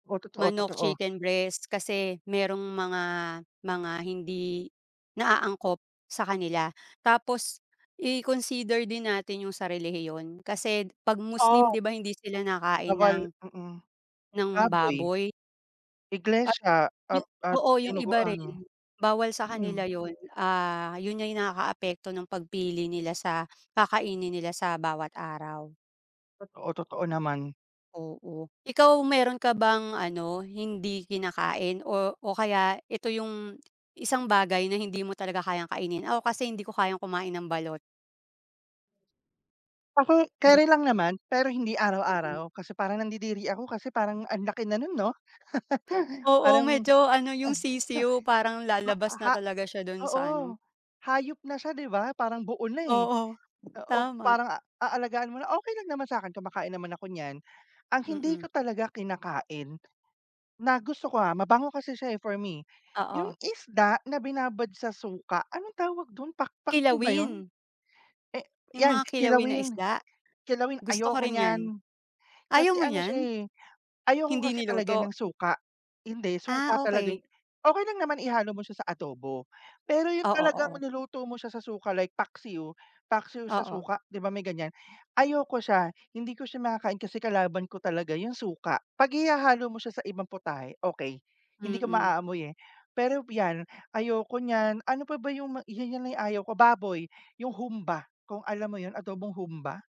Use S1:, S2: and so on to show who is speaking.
S1: Oo,
S2: Manok,
S1: totoo-totoo.
S2: chicken breast kasi merong mga mga hindi na angkop sa kanila. Tapos i-consider din natin yung sa relihiyon. Kasi 'pag Muslim
S1: Oh.
S2: di ba hindi sila nakain
S1: Bawal
S2: ng
S1: mm.
S2: ng
S1: Baboy.
S2: baboy? Ah
S1: Iglesia
S2: yu
S1: ap at
S2: oo, yung iba
S1: dinuguan,
S2: rin, bawal sa
S1: mm.
S2: kanila yun. Ah, yun yung nakakaapekto ng pagpili nila sa kakainin nila sa bawat araw.
S1: Totoo, totoo naman.
S2: Oo, ikaw meron ka bang ano, hindi kinakain o o kaya eto yung isang bagay na hindi mo talaga kayang kainin? Ako kasi hindi ko kayang kumain ng balot.
S1: [unintelligible]
S2: Hmm.
S1: carry lang naman pero hindi
S2: Mm.
S1: araw-araw. Kasi parang nandidiri ako kasi parang ang laki na nun, 'no?
S2: Oo,
S1: Parang
S2: medyo ano yung sisiw parang
S1: ma
S2: lalabas
S1: ha
S2: na talaga siya dun sa ano.
S1: oo, hayop na siya, di ba, parang buo na, eh.
S2: Oo,
S1: Oo,
S2: tama.
S1: parang aalagaan mo na. Okey lang naman sa akin kumakain naman ako niyan. Ang hindi ko
S2: Mm.
S1: talaga kinakain, na gusto ko, ah, mabango kasi siya, eh, for me. Yung
S2: Oo.
S1: isda na binabad sa suka, anong tawag dun, pak paksiw ba yun?
S2: Kilawin.
S1: Eh,
S2: Yung
S1: yan,
S2: mga kilawin na
S1: kilawin
S2: isda?
S1: kilawin,
S2: Gusto ko
S1: ayoko
S2: rin yan.
S1: niyan. Kasi
S2: Ayaw mo
S1: ano siya,
S2: niyan?
S1: eh, ayoko
S2: Hindi
S1: kasi talaga
S2: niluto?
S1: ng suka hindi, suka
S2: Ah,
S1: talaga
S2: okey.
S1: yung okey lang naman ihalo mo siya sa adobo, pero yun
S2: Oo,
S1: talagang
S2: oo.
S1: niluto mo siya sa suka like paksiw- paksiw sa
S2: Oo.
S1: suka- di ba, may ganiyan, ayoko siya, hindi ko siya makakain kasi kalaban ko talaga yung suka. 'Pag ihahalo mo siya sa ibang putahe, okey. Hindi ko
S2: Mm.
S1: maaamoy, eh. Pero yan, ayoko niyan. Ano pa ba yung ma yun yung ayaw ko, baboy, yung humba, kung alam mo yun, adobong humba?